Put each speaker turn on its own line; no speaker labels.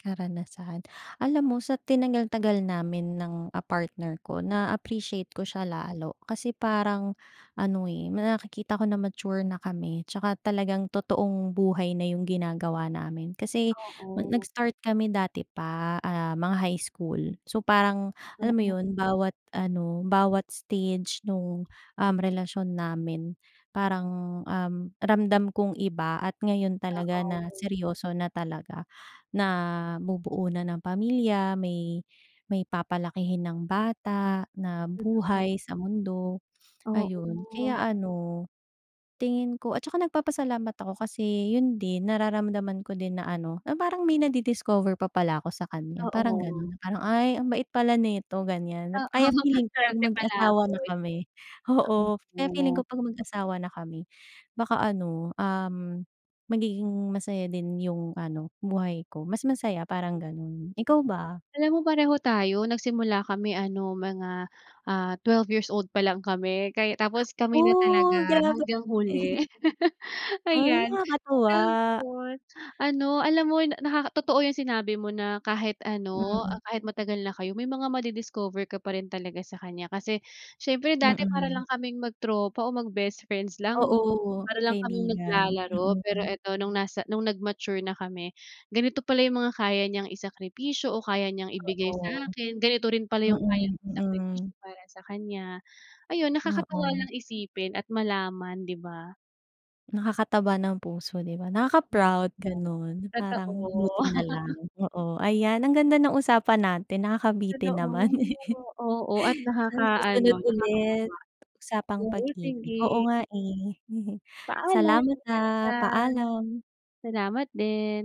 Karanasan, alam mo sa tinagal-tagal namin ng, ah, partner ko na-a-appreciate ko siya lalo kasi parang ano, eh, nakikita ko na mature na kami, tsaka talagang totoong buhay na yung ginagawa namin. Kasi
Oo.
nag-start kami dati pa, ah, mga high school, so parang alam mo
Mm.
yun bawat ano bawat stage nung, um, relasyon namin parang, um, ramdam kung iba at ngayon
Ah,
talaga na
okey.
seryoso na talaga, na bubuo na ng pamilya, may may papalakihin ng bata na
Totoo.
buhay sa mundo. Ayun,
Oo.
kaya ano tingin ko at saka nagpapasalamat ako kasi yun din nararamdaman ko din na ano na parang may nadidiscover pa pala ako sa kanya parang
Oo.
ganon, parang "Ay ang bait pala nito gan'yan," kaya
Oo
feeling ko
para
'pag
siyang
mag-asawa na
palaboy,
kami oo kaya feeling
oo.
ko 'pag mag-asawa na kami, baka ano, um, magiging masaya din yung ano buhay ko, mas masaya parang ganon, ikaw ba?
Alam mo pareho tayo nagsimula kami ano mga, ah, 12 years old pa lang kami kay tapos kami na
Oh,
talaga
grabe.
hanggang huli
Ay,
ayan,
nakakatuwa.
tapos ano alam mo na totoo 'yung sinabi mo na kahit ano
Hmm.
kahit matagal na kayo may mga madi-discover ka pa rin talaga sa kanya, kasi siyempre dati para
Mm.
lang kaming mag tropa oo mag best friends lang, eh,
Oo,
para lang kaming
kaibigan,
naglalaro pero
mm.
eto nung nasa nung nag-mature na kami ganito pala 'yung mga kaya niyang isakripisyo o kaya niyang ibigay
Oo,
sa'kin, ganito rin pala 'yung kaya
mm,
kong isakripisyo
mm.
para sa kanya, ayun nakakatuwa
Oo.
lang isipin at malaman, di ba?
Nakakataba ng puso 'di ba, nakaka
Mm.
proud ganun parang
Totoo.
buti na lang, oo ayan ang ganda ng usapan natin nakakabitin
Totoo,
naman,
oo, at
sa
nakakaano
susunod ulit,
nakakataba.
usapang
Oo
pag-ibig
sige.
oo nga, eh,
Paalam,
salamat,
ingat
ah,
ka.
paalam.
Salamat din.